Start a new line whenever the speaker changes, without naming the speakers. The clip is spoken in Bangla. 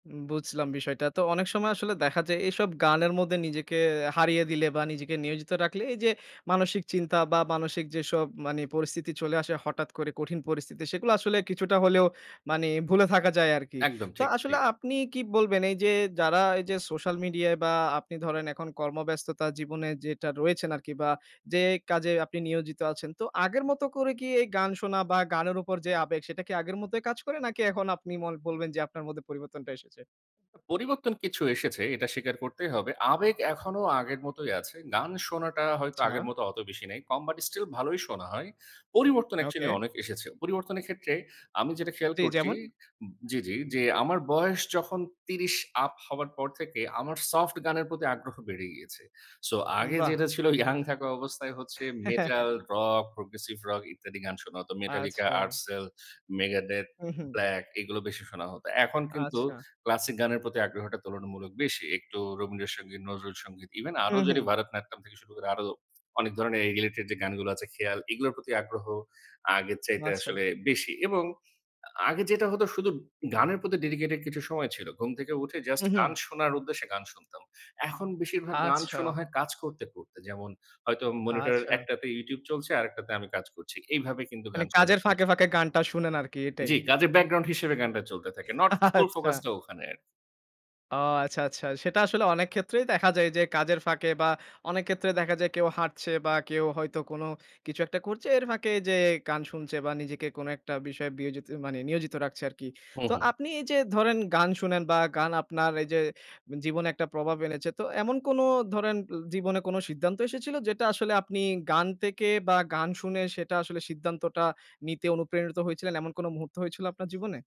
উম বুঝলাম বিষয়টা। তো অনেক সময় আসলে দেখা যায় এইসব গানের মধ্যে নিজেকে হারিয়ে দিলে বা নিজেকে নিয়োজিত রাখলে এই যে মানসিক চিন্তা বা মানসিক যেসব মানি পরিস্থিতি চলে আসে হঠাৎ করে কঠিন পরিস্থিতি সেগুলো আসলে কিছুটা হলেও মানি ভুলে থাকা যায় আরকি।
একদম
তো
ঠিক। জি।
আসলে আপনি কী বলবেন, এইযে যারা এইযে সোশ্যাল মিডিয়ায় বা আপনি ধরেন এখন কর্মব্যস্ততার জীবনে যেটা রয়েছেন আরকি বা যে কাজে আপনি নিয়োজিত আছেন। তো আগের মত করে কি এই গান শোনা বা গানের উপর যে আবেগ সেটা কি আগের মতোই কাজ করে নাকি এখন আপনি ম বলবেন যে আপনার মধ্যে পরিবর্তনটা এসেছে?
পরিবর্তন কিছু এসেছে এটা স্বীকার করতেই হবে। আবেগ এখনো আগের মতোই আছে। গান শোনাটা হয়তো আগের
আচ্ছা।
মত অত বেশি নেই। কম বাট স্টিল ভালোই শোনা হয়। পরিবর্তন অ্যাকচুয়ালি
ওকে।
অনেক এসেছে। পরিবর্তনের ক্ষেত্রে আমি যেটা খেয়াল
জি।
করছি
যেমন?
জি, জি যে আমার বয়স যখন ৩০ আপ হওয়ার পর থেকে আমার সফট গানের প্রতি আগ্রহ বেড়ে গিয়েছে। সো আগে
বাহ!
যেটা ছিল ইয়ং থাকা অবস্থায় হচ্ছে মেটাল, রক, প্রগ্রেসিভ রক ইত্যাদি গান শোনা হতো। Metallica,
আচ্ছা।
আরসেল, Megadeth,
হুম, হু।
ব্লাক এগুলা বেশি শোনা হত। এখন কিন্তু
আচ্ছা।
ক্লাসিক গানের প্রতি আগ্রহটা তুলনামূলক বেশি। একটু রবীন্দ্র সঙ্গীত, নজরুল সঙ্গীত, ইভেন
হু,
আরো যদি
হু।
ভারতনাট্যম থেকে শুরু করে আরো অনেক ধরনের রিলেটেড যে গানগুলো আছে খেয়াল এগুলোর প্রতি আগ্রহ আগের চাইতে
আচ্ছা।
আসলে বেশি এবং আগে যেটা হতো শুধু গানের প্রতি ডেডিকেটেড কিছু সময় ছিল। ঘুম থেকে উঠে জাস্ট
হুম,
গান
হু।
শোনার উদ্দেশ্যে গান শুনতাম। এখন বেশিরভাগ গান শোনা
আচ্ছা।
হয় কাজ করতে, করতে। যেমন হয়তো মনিটর
আচ্ছা।
একটাতে YouTube চলছে আরেকটাতে আমি কাজ করছি। এইভাবে কিন্তু
মানি
গান
কাজের
শোনাটা
ফাঁকে,
বেশি
ফাঁকে গানটা শোনেন আরকি এটাই।
জি, কাজের ব্যাকগ্রাউন্ড হিসেবে গানটা চলতে থাকে। নট ফুল
আচ্ছা।
ফোকাস টা ওখানে।
ও আচ্ছা, আচ্ছা। সেটা আসলে অনেক ক্ষেত্রেই দেখা যায় যে কাজের ফাঁকে বা অনেক ক্ষেত্রে দেখা যায় কেউ হাঁটছে বা কেউ হয়তো কোনো কিছু একটা করছে। এর ফাঁকে যেয়ে গান শুনছে বা নিজেকে কোনো একটা বিষয়ে বিয়োজিত মানে নিয়োজিত রাখছে আরকি।
হু,
তো
হু।
আপনি এই যে ধরেন গান শুনেন বা গান আপনার এই যে জীবনে একটা প্রভাব এনেছে। তো এমন কোনো ধরেন জীবনে কোনো সিদ্ধান্ত এসেছিল যেটা আসলে আপনি গান থেকে বা গান শুনে সেটা আসলে সিদ্ধান্তটা নিতে অনুপ্রেরিত হয়েছিলেন। এমন কোনো মুহূর্ত হয়েছিল আপনার জীবনে?